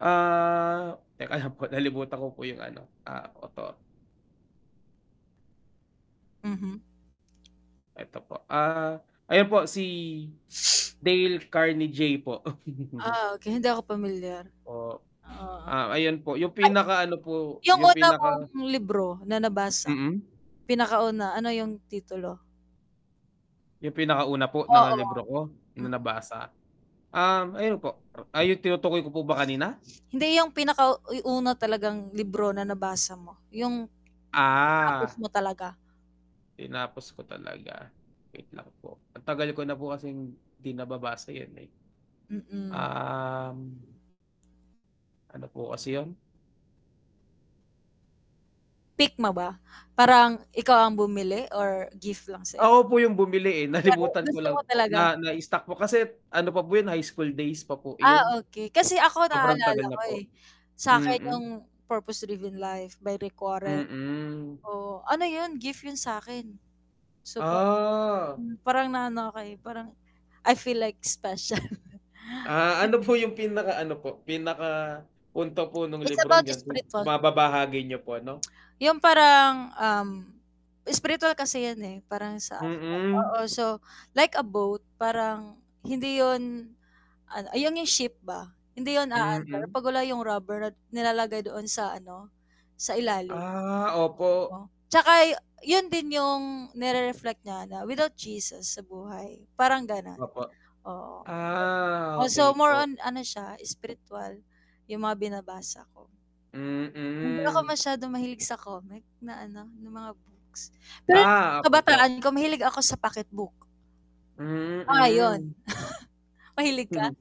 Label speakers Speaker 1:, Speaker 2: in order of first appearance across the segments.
Speaker 1: Ah, teka lang po, nalimutan ko po yung ano, ah, opo.
Speaker 2: Mm.
Speaker 1: Eto po, ah, ayan po si Dale Carnegie po.
Speaker 2: Ah, kaya hindi ako pamilyar.
Speaker 1: Oh,
Speaker 2: Oo.
Speaker 1: ah, ayun po yung
Speaker 2: Ay.
Speaker 1: pinaka ano po,
Speaker 2: Yung
Speaker 1: yung
Speaker 2: una mong
Speaker 1: pinaka
Speaker 2: libro na nabasa
Speaker 1: Mm.
Speaker 2: pinakauna ano yung titulo?
Speaker 1: Yung pinakauna po ng libro
Speaker 2: Oo,
Speaker 1: ko na, na
Speaker 2: mm.
Speaker 1: nabasa, um, ayun po, ay yung tinutukoy ko po ba kanina?
Speaker 2: Hindi yung pinaka uy, una talagang libro na nabasa mo, yung natapos
Speaker 1: Ah,
Speaker 2: mo talaga.
Speaker 1: tinapos ko talaga, wait lang po, ang tagal ko na po kasing 'di nababasa 'yan, eh.
Speaker 2: Mm.
Speaker 1: Um ano po kasi yun.
Speaker 2: Pick ma ba, parang ikaw ang bumili or gift lang sa'yo?
Speaker 1: Ako po yung bumili, eh,
Speaker 2: Pero
Speaker 1: nalimutan ko
Speaker 2: gusto mo
Speaker 1: lang po,
Speaker 2: talaga.
Speaker 1: na na stock po, kasi ano pa po yun high school days pa po
Speaker 2: Ah,
Speaker 1: iyon.
Speaker 2: okey kasi ako
Speaker 1: Sobrang
Speaker 2: naalala
Speaker 1: tagal na
Speaker 2: ko,
Speaker 1: po,
Speaker 2: eh, sa'kin
Speaker 1: mm.
Speaker 2: yung Purpose Driven Life by Rick Warren.
Speaker 1: Mm.
Speaker 2: Oo ano yun, gift yun sa'kin, so parang,
Speaker 1: Ah.
Speaker 2: hmm, parang naano ako, eh, parang I feel like special.
Speaker 1: Ah, ano
Speaker 2: Kasi
Speaker 1: po yung pinaka ano po, pinaka punto po nung
Speaker 2: it's
Speaker 1: librong
Speaker 2: about
Speaker 1: ganun,
Speaker 2: spiritual.
Speaker 1: baba-bahagi niyo po ano?
Speaker 2: Yung parang, um, spiritual kasi 'yan, eh, parang sa [unintelligible]
Speaker 1: Mm.
Speaker 2: oo, so, like a boat parang hindi 'yon ano, ah, 'yong 'yong ship ba, hindi yun aandar,
Speaker 1: Mhm.
Speaker 2: 'pag wala 'yong rubberant nilalagay doon sa ano sa ilalim.
Speaker 1: Ah, opo.
Speaker 2: [unintelligible] 'Tsaka yun din yung nire-reflect nya na without Jesus sa buhay, parang ganun,
Speaker 1: Opo,
Speaker 2: oo,
Speaker 1: ah,
Speaker 2: oh,
Speaker 1: okey
Speaker 2: so, more
Speaker 1: po.
Speaker 2: on ano siya, spiritual yung mga binabasa ko, hindi ako
Speaker 1: Mm.
Speaker 2: masyadong mahilig sa comic na ano na mga books, pero
Speaker 1: Ah,
Speaker 2: nung
Speaker 1: okey po.
Speaker 2: kabataan ko mahilig ako sa pocket book. Ah 'yon,
Speaker 1: Mm.
Speaker 2: mahilig ka,
Speaker 1: Hmm,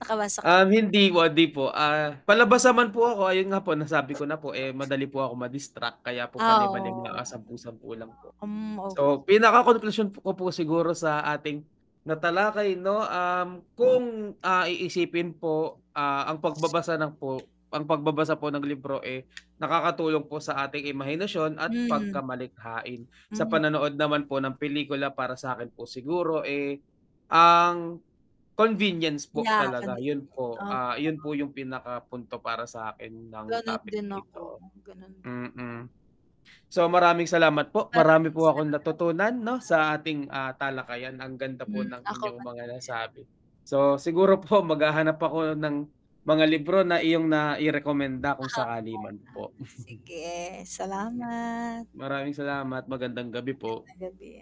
Speaker 2: naka wasak
Speaker 1: um, hindi po, 'di po, ah, palabas naman po ako ayun nga po nasabi ko na po, eh, "madali po ako ma distract" kaya po
Speaker 2: Ah,
Speaker 1: palima-lima, ah,
Speaker 2: oo.
Speaker 1: pasampu-sampu lang po.
Speaker 2: Hmm, ok
Speaker 1: So, pinakakonklusyon ko po siguro sa ating natalakay, 'no, um, kung, ah, iisipin po, ah, ang pagbabasa ng po, ang pagbabasa po ng libro, eh, nakakatulong po sa ating imahinasyon at
Speaker 2: Mhm.
Speaker 1: pagkamalikhain. Sa
Speaker 2: Hmm.
Speaker 1: panonood naman po ng pelikula para sa'kin po siguro, eh, ang convenience po
Speaker 2: Yeah,
Speaker 1: talaga
Speaker 2: kahilig,
Speaker 1: yun po,
Speaker 2: opo.
Speaker 1: ah, yun po yung pinaka punto para sa'kin ng
Speaker 2: Ganun
Speaker 1: topic
Speaker 2: din
Speaker 1: na
Speaker 2: ako,
Speaker 1: ito,
Speaker 2: ganun di
Speaker 1: mm. So, maraming salamat po, marami po akong natutunan, 'no,
Speaker 2: [unintelligible]
Speaker 1: sa ating ah talakayan ang ganda po
Speaker 2: Mm,
Speaker 1: ng
Speaker 2: ako
Speaker 1: inyong
Speaker 2: 'man din.
Speaker 1: mga nasabi, so, siguro po maghahanap ako ng mga libro na iyong nairekomenda
Speaker 2: Ah,
Speaker 1: kung sakali 'man
Speaker 2: [unintelligible] ah,
Speaker 1: po.
Speaker 2: kasi sige,
Speaker 1: mm.
Speaker 2: salamat.
Speaker 1: Maraming salamat, magandang gabi po.
Speaker 2: Magandang gabi.